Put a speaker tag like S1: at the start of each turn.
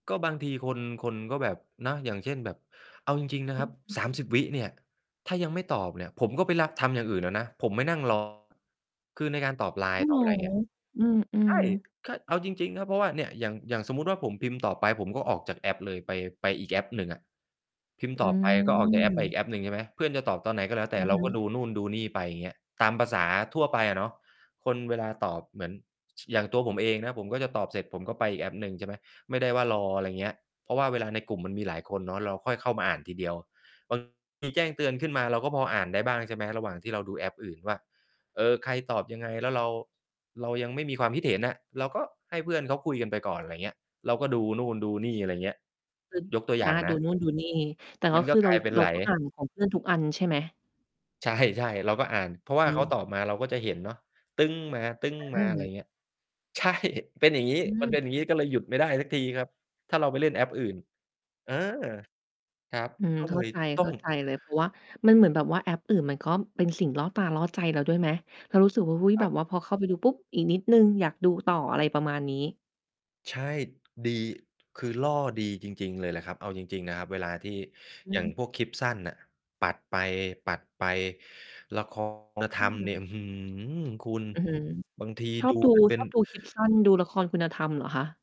S1: ก็บางทีคน คนก็แบบเนาะ อย่างเช่น แบบเอาจริง ๆ น
S2: อ
S1: ะ
S2: ื
S1: ครั
S2: อ
S1: บ
S2: ฮ
S1: สาม
S2: ึ
S1: สิบ วิเนี่ย ถ้ายังไม่ตอบเนี่ย ผมก็ไปลักทำอย่างอื่นแล้วนะ ผมไม่นั่ง รอ คือในการตอบ
S2: โอ
S1: LINE
S2: ้
S1: ต
S2: โฮ
S1: อบอะไรเนี่ย
S2: อื
S1: ใช
S2: ม
S1: ่
S2: ๆ
S1: ก็ เอาจริง ๆ ครับ เพราะว่าเนี่ยอย่าง อย่างสมมุติว่า ผมพิมพ์ตอบไปผมก็ออกจากแอปเลย ไป ไปอีกแอปหนึ่งอะพิมพ์
S2: อ
S1: ต
S2: ื
S1: อบไปก็ออกจากแอปไปอี
S2: ม
S1: กแอปหนึ่ง ใช่ไหม เพื่อนจะตอบตอนไหนก็แล้วแต
S2: อ
S1: ่
S2: ือ
S1: เร
S2: ฮ
S1: าก็
S2: ึ
S1: ดูนู่นดูนี่ไป อย่างเงี้ย ตามภาษาทั่วไปอะเนาะ คนเวลาตอบเหมือน อย่างตัวผมเองนะผมก็จะตอบเสร็จผมก็ไปอีกแอปหนึ่ง ใช่ไหม ไม่ได้ว่ารอ อะไรอย่างเงี้ย เพราะว่าเวลาในกลุ่มมันมีหลายคนเนาะ เราค่อยเข้ามาอ่านทีเดียว บาง ทีแจ้งเตือนขึ้นมาเราก็พออ่านได้บ้าง ใช่ไหม ระหว่างที่เราดูแอปอื่นว่า เอ่อ ใครตอบยังไง แล้วเรา เรายังไม่มีความคิดเห็นอะ เราก็ให้เพื่อนเขาคุยกันไปก่อน อะไรอย่างเงี้ย เราก็ดูนู่นดูนี่ อะไรอย่างเงี้ย
S2: อ
S1: ยกตัวอย
S2: อ
S1: ่
S2: า
S1: างน
S2: ดู
S1: ะ
S2: นู่นดูนี่ แต่
S1: ม
S2: ก็
S1: ัน
S2: ค
S1: ก็
S2: ือเ
S1: ก
S2: ร
S1: ล
S2: า
S1: าย เป็น
S2: เร
S1: ไ
S2: า
S1: หล
S2: ก็อ่านของเพื่อน ทุกอันใช่ไหม?
S1: ใช่ ใช่ เราก็อ่าน เพราะว
S2: อ
S1: ่า
S2: ื
S1: เขา
S2: ม
S1: ตอบมาเราก็จะเห็นเนาะ ตึ้ง
S2: อ
S1: มา ๆ อะไรอ
S2: า
S1: ย่างเงี้ย ใช่ เป็นอย่างงี้
S2: อื
S1: มัน
S2: ม
S1: เป็นอย่างงี้ก็เลยหยุดไม่ได้สักทีครับ ถ้าเราไปเล่นแอปอื่น เออ ครับ
S2: อืม
S1: ก็
S2: เ
S1: เ
S2: ข
S1: ล
S2: ้า
S1: ย
S2: ใจ
S1: ต้อง
S2: ๆ เลย เพราะว่ามันเหมือนแบบว่าแอปอื่นมันก็เป็นสิ่งล่อตาล่อใจเราด้วยไหม? เรารู้สึกว่า โอ้โฮ
S1: คร
S2: แบ
S1: ับ
S2: บว่าพอเข้าไปดูปุ๊บ อีกนิดหนึ่งอยากดูต่อ อะไรประมาณนี้
S1: ใช่ ดี คือล่อดีจริง ๆ เลยล่ะครับ เอาจริง ๆ นะครับ เวลาที่
S2: อ
S1: อย
S2: ื
S1: ่าง
S2: ม
S1: พวกคลิปสั้นน่ะ ปัดไป ๆ ละ คร คุณธ
S2: อ
S1: รรมเนี่ย
S2: ืม
S1: อื้อฮือ คุณ
S2: อือฮึ
S1: บางที
S2: ชอ
S1: ดู
S2: บดู
S1: กัน เป็
S2: ช
S1: น
S2: อบดูคลิปสั้น ดูละครคุณธรรมเหรอคะ?